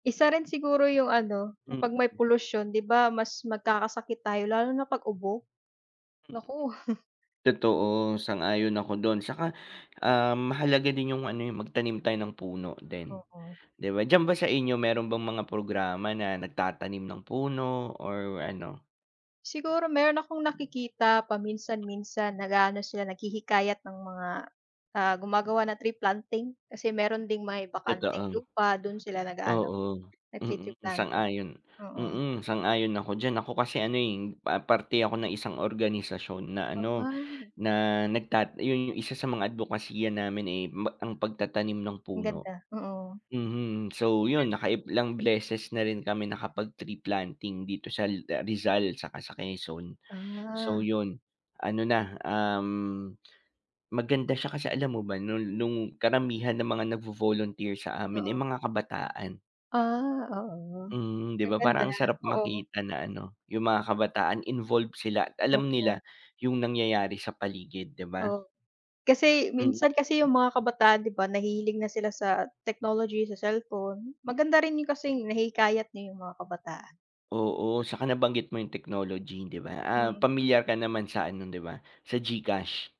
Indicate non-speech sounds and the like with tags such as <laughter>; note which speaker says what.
Speaker 1: Isa rin siguro yung ano,
Speaker 2: Mm.
Speaker 1: kapag may polusyon 'di ba mas magkakasakit tayo lalo na 'pag ubo,
Speaker 2: Mm,
Speaker 1: naku. <chuckles>
Speaker 2: totoo sang-ayon ako dun, at saka, um, mahalaga din 'yung ano eh 'yung magtanim tayo ng puno din
Speaker 1: Oo.
Speaker 2: 'di ba. Diyan ba sa inyo meron bang mga programa na nagtatanim ng puno or ano?
Speaker 1: Siguro meron akong nakikita paminsan-minsan nag-aano sila, naghihikayat ng mga ah, gumagawa na tree planting, kasi meron ding may bakanteng
Speaker 2: Totoo,
Speaker 1: lupa dun sila nag-aano,
Speaker 2: oo,
Speaker 1: nagti-tree
Speaker 2: mm,
Speaker 1: planting,
Speaker 2: sang-ayon,
Speaker 1: oo.
Speaker 2: mm, sang-ayon ako diyan ako kasi ano eh, pa parte ako ng isang organisasyon na ano
Speaker 1: Ah.
Speaker 2: na nagtat 'yun 'yung isa sa mga adbokasiya namin eh, ma ang pagtatanim ng
Speaker 1: Ang
Speaker 2: puno.
Speaker 1: ganda, oo. Ang
Speaker 2: Mhm, so yun
Speaker 1: ganda.
Speaker 2: naka ilang beses na rin kami nakapag-tree-planting dito sa la ah, Rizal saka sa Quezon. So
Speaker 1: Ah.
Speaker 2: yun ano na, um, maganda siya kasi alam mo ba nol nung karamihan ng mga nagvo-volunteer sa amin ay
Speaker 1: Oo.
Speaker 2: mga kabataan.
Speaker 1: Ah, oo.
Speaker 2: Mhm, 'di
Speaker 1: Ang
Speaker 2: ba
Speaker 1: ganda,
Speaker 2: parang ang sarap
Speaker 1: oo.
Speaker 2: makita na ano, 'yung mga kabataan involve sila at alam
Speaker 1: Totoo.
Speaker 2: nila 'yung nangyayari sa paligid, 'di ba.
Speaker 1: Oo, kasi
Speaker 2: Mm.
Speaker 1: minsan kasi 'yung mga kabataan 'di ba nahihilig na sila sa technology, sa cellphone. Maganda rin 'yung kasing nahihikayat niyo 'yung mga kabataan.
Speaker 2: Oo, at saka nabanggit mo yung technology 'di ba, ah,
Speaker 1: Mm.
Speaker 2: pamilyar ka naman sa ano, 'di ba sa GCash?